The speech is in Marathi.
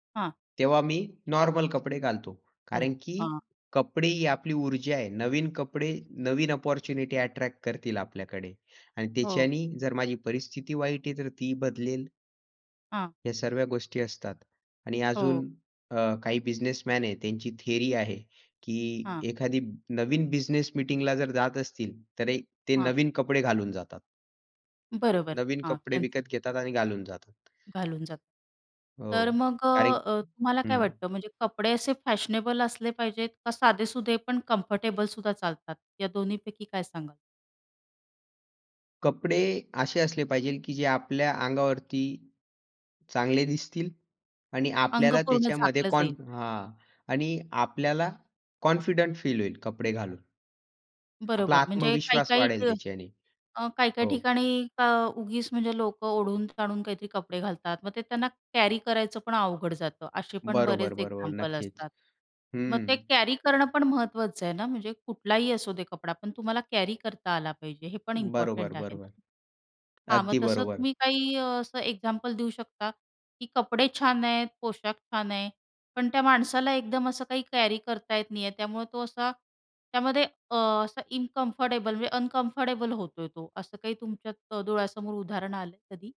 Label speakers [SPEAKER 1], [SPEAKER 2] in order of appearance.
[SPEAKER 1] हां.
[SPEAKER 2] तेव्हा मी
[SPEAKER 1] बरं.
[SPEAKER 2] नॉर्मल कपडे घालतो,
[SPEAKER 1] चल
[SPEAKER 2] कारण की
[SPEAKER 1] हां.
[SPEAKER 2] कपडे ही आपली ऊर्जा आहे. नवीन कपडे नवीन अपॉर्च्युनिटी अ‍ॅट्रॅक्ट करतील आपल्याकडे आणि
[SPEAKER 1] हो.
[SPEAKER 2] त्याच्याने जर माझी परिस्थिती वाईट आहे तर ती बदलेल.
[SPEAKER 1] हां.
[SPEAKER 2] या सर्व गोष्टी असतात. आणि
[SPEAKER 1] हो.
[SPEAKER 2] अजून अ, काही बिझनेसमॅन आहेत त्यांची थियरी आहे की
[SPEAKER 1] हां.
[SPEAKER 2] एखादी नवीन बिझनेस मीटिंगला जर जात असतील तर ते
[SPEAKER 1] हां.
[SPEAKER 2] नवीन कपडे घालून जातात.
[SPEAKER 1] बरोबर.
[SPEAKER 2] नवीन
[SPEAKER 1] हां,
[SPEAKER 2] कपडे
[SPEAKER 1] कॅन्सल.
[SPEAKER 2] विकत घेतात आणि घालून जातात.
[SPEAKER 1] घालून जातो. तर
[SPEAKER 2] हो,
[SPEAKER 1] मग, अ,
[SPEAKER 2] कार
[SPEAKER 1] अ, तुम्हाला
[SPEAKER 2] हं
[SPEAKER 1] काय वाटतं म्हणजे कपडे असे फॅशनेबल असले पाहिजेत का साधेसुधे पण कम्फर्टेबलसुद्धा चालतात. या दोन्हीपैकी काय सांगाल?
[SPEAKER 2] कपडे असे असले पाहिजे की जे, आपल्या अंगावरती चांगले दिसतील आणि
[SPEAKER 1] अंग
[SPEAKER 2] आपल्याला
[SPEAKER 1] पूर्ण
[SPEAKER 2] त्याच्यामध्ये
[SPEAKER 1] झाकलं
[SPEAKER 2] कॉन
[SPEAKER 1] जाईल.
[SPEAKER 2] हां आणि आपल्याला कॉन्फिडंट फील होईल कपडे घालून. आपला
[SPEAKER 1] बरोबर. म्हणजे
[SPEAKER 2] आत्मविश्वास
[SPEAKER 1] काही-काही
[SPEAKER 2] वाढेल
[SPEAKER 1] इथं
[SPEAKER 2] त्याच्याने.
[SPEAKER 1] अ, काही-काही
[SPEAKER 2] हो.
[SPEAKER 1] ठिकाणी अं, उगीच म्हणजे लोकं ओढून-ताणुन काहीतरी कपडे घालतात, मग ते त्यांना कॅरी करायचं पण अवघड जातं. असे पण
[SPEAKER 2] बरोबर,
[SPEAKER 1] बरेच
[SPEAKER 2] बरोबर
[SPEAKER 1] एक्झाम्पल
[SPEAKER 2] नक्कीच.
[SPEAKER 1] असतात. मग
[SPEAKER 2] हं.
[SPEAKER 1] ते कॅरी करणं पण महत्त्वाचं आहे ना?म्हणजे, कुठलाही असू दे कपडा, पण तुम्हाला कॅरी करता आला पाहिजे, हे पण
[SPEAKER 2] बरोबर,
[SPEAKER 1] इम्पॉर्टंट आहे ना?
[SPEAKER 2] बरोबर.
[SPEAKER 1] हां, मग
[SPEAKER 2] अगदी
[SPEAKER 1] तसं
[SPEAKER 2] बरोबर.
[SPEAKER 1] तुम्ही काही अ, असं एक्झाम्पल देऊ शकता, की कपडे छान आहेत, पोशाख छान आहे, पण त्या माणसाला एकदम असं काही कॅरी करता येत नाही आहे, त्यामुळे तो असा त्यामध्ये, अ, असा इनकंफर्टेबल म्हणजे अनकंफर्टेबल होतोय तो असं काही तुमच्या डोळ्यासमोर उदाहरण आलंय कधी?